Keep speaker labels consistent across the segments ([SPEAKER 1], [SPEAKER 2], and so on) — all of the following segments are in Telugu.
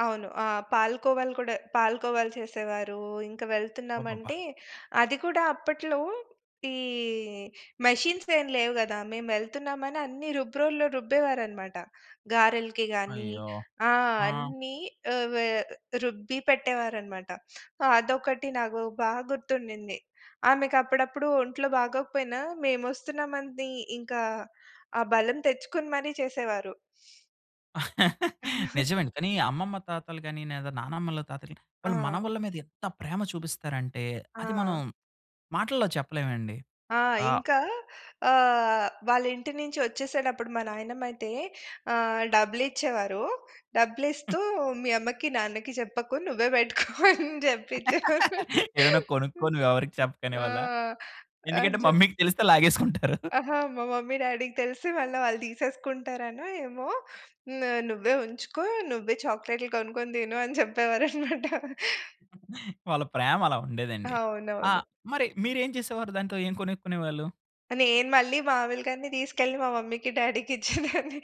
[SPEAKER 1] అవును. ఆ! పాలు కోవలు కూడా పాలు కోవలు చేసేవారు, ఇంకా
[SPEAKER 2] అబ్బబ్బా!
[SPEAKER 1] వెళ్తున్నామంటే అది కూడా అప్పట్లో, ఈ మెషిన్స్ ఏం లేవు గదా! మేము వెళ్తున్నామని అన్ని రుబ్రోల్లో రుబ్బేవారన్నమాట. గారెలకి గానీ,
[SPEAKER 2] అయ్యో!
[SPEAKER 1] ఆ!
[SPEAKER 2] హా!
[SPEAKER 1] అన్ని ఆహ్, వే రుబ్బి పెట్టేవారన్నమాట. అదొకటి నాకు బా గుర్తుండింది. ఆమెకప్పుడప్పుడు ఒంట్లో బాగోకపోయినా మేమొస్తున్నా మని ఇంకా ఆ బలం తెచ్చుకొని మరీ చేసేవారు.
[SPEAKER 2] నిజమేండి. కానీ అమ్మమ్మ, తాతలు గాని, నేదా నాన్నమ్మ, తాతలు వాళ్ళు
[SPEAKER 1] ఆ!
[SPEAKER 2] మనవళ్ళ మీద ఎంత ప్రేమ చూపిస్తారంటే అది మనం
[SPEAKER 1] ఆ!
[SPEAKER 2] మాటల్లో చెప్పలేమండి.
[SPEAKER 1] ఆ!
[SPEAKER 2] ఆహ్
[SPEAKER 1] ఇంక ఆహ్, వాళ్ళింటి నుంచి ఒచ్చేసేటప్పుడు మా నాయనమ్మయితే ఆహ్, డబ్బులిచ్చేవారు. డబ్బులిస్తూ "మీ అమ్మకి, నాన్నకి చెప్పకు నువ్వే బెట్టుకో" అనే జెప్పిచ్చేవారు.
[SPEAKER 2] "ఏమైనా కొనుక్కోని నువ్వెవరికీ చెప్పకు"
[SPEAKER 1] ఆహ్, ఆ!
[SPEAKER 2] అనేవాళ్ళ? ఎందుకంటే
[SPEAKER 1] అని చెప్
[SPEAKER 2] మమ్మీకి తెలిస్తే లాగేసుకుంటారు.
[SPEAKER 1] అహా! మా మమ్మీ, డ్యాడీకి తెలిస్తే మళ్ళా వాళ్ళు తీసేసుకుంటారనో, ఏమో హ్మ్. "నువ్వే ఉంచుకో. నువ్వే చాక్లేట్లు కొనుక్కొని దిను" అని జెప్పేవారన్నమాట.
[SPEAKER 2] వాళ్ళ ప్రేమ అలా ఉండేదండి. ఆ!
[SPEAKER 1] అవునవును.
[SPEAKER 2] మరి మీరేం చేసేవారు దాంతో ఏం కొనుక్కునేవాళ్ళు?
[SPEAKER 1] నేను మళ్ళీ మాములుగా‌నే తీసుకెళ్ళి మా మమ్మీకి, డ్యాడీకి ఇచ్చేదాన్ని.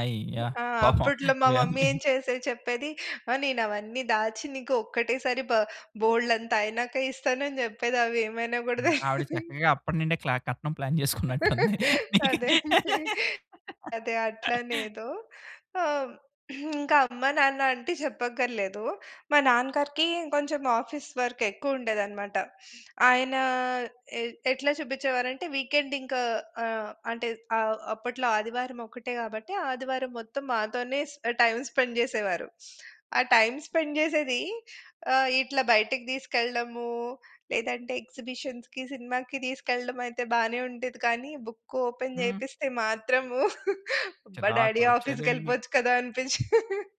[SPEAKER 2] అయ్యో!
[SPEAKER 1] ఆ!
[SPEAKER 2] పాపం
[SPEAKER 1] అప్పట్లో మా
[SPEAKER 2] యాహ్!
[SPEAKER 1] మమ్మీ
[SPEAKER 2] మీ
[SPEAKER 1] ఏం చేసేది చెప్పేది, "ఆ నేనవన్నీ దాచి నీకు ఒక్కటే సారి బ బోలెడంత అయినాక ఇస్తాను" అని జెప్పేది అవేమైనా‌యోకూడ
[SPEAKER 2] హ్మ్. ఆవిడ
[SPEAKER 1] తెలదీ.
[SPEAKER 2] చక్కగా అప్పట్నీండే క్ల కట్నం ప్లాన్ చేసుకున్నట్టుంది. నీకే.
[SPEAKER 1] అదే! అదే! అదే! అట్లానేదో. ఆహ్, ఇంకమ్మ నాన్న అంటే చెప్పక్కర్లేదు. మా నాన్న గారికి ఇంకొంచెం ఆఫీస్ వర్క్ ఎక్కువుండేదన్నమాట. ఆయన ఏ ఎట్లా చూపించేవారంటే వీకెండింకా ఆహ్, అంటే ఆహ్, అప్పట్లో ఆదివారమొక్కటే కాబట్టి, ఆదివారం మొత్తం మాతోనేస్ ఆ టైమ్ స్పెండ్ జేసేవారు. ఆ టైమ్ స్పెండ్ జేసేది ఆహ్, ఇట్లా బయటికి తీసుకెళ్ళడము, లేదంటే ఎక్సిబిషన్‌కి, సినిమాకి తీసుకెళ్ళడమయితే బానే ఉండేది కానీ బుక్ ఓపెన్
[SPEAKER 2] హ్మ్.
[SPEAKER 1] చేయిపిస్తే మాత్రము అబ్బా!
[SPEAKER 2] చిరాకు
[SPEAKER 1] డ్యాడీ
[SPEAKER 2] ఒచ్చేదండి మీకు?
[SPEAKER 1] ఆఫీస్‌కేళ్ళిపోవచ్చు కదా! అనిపించేది.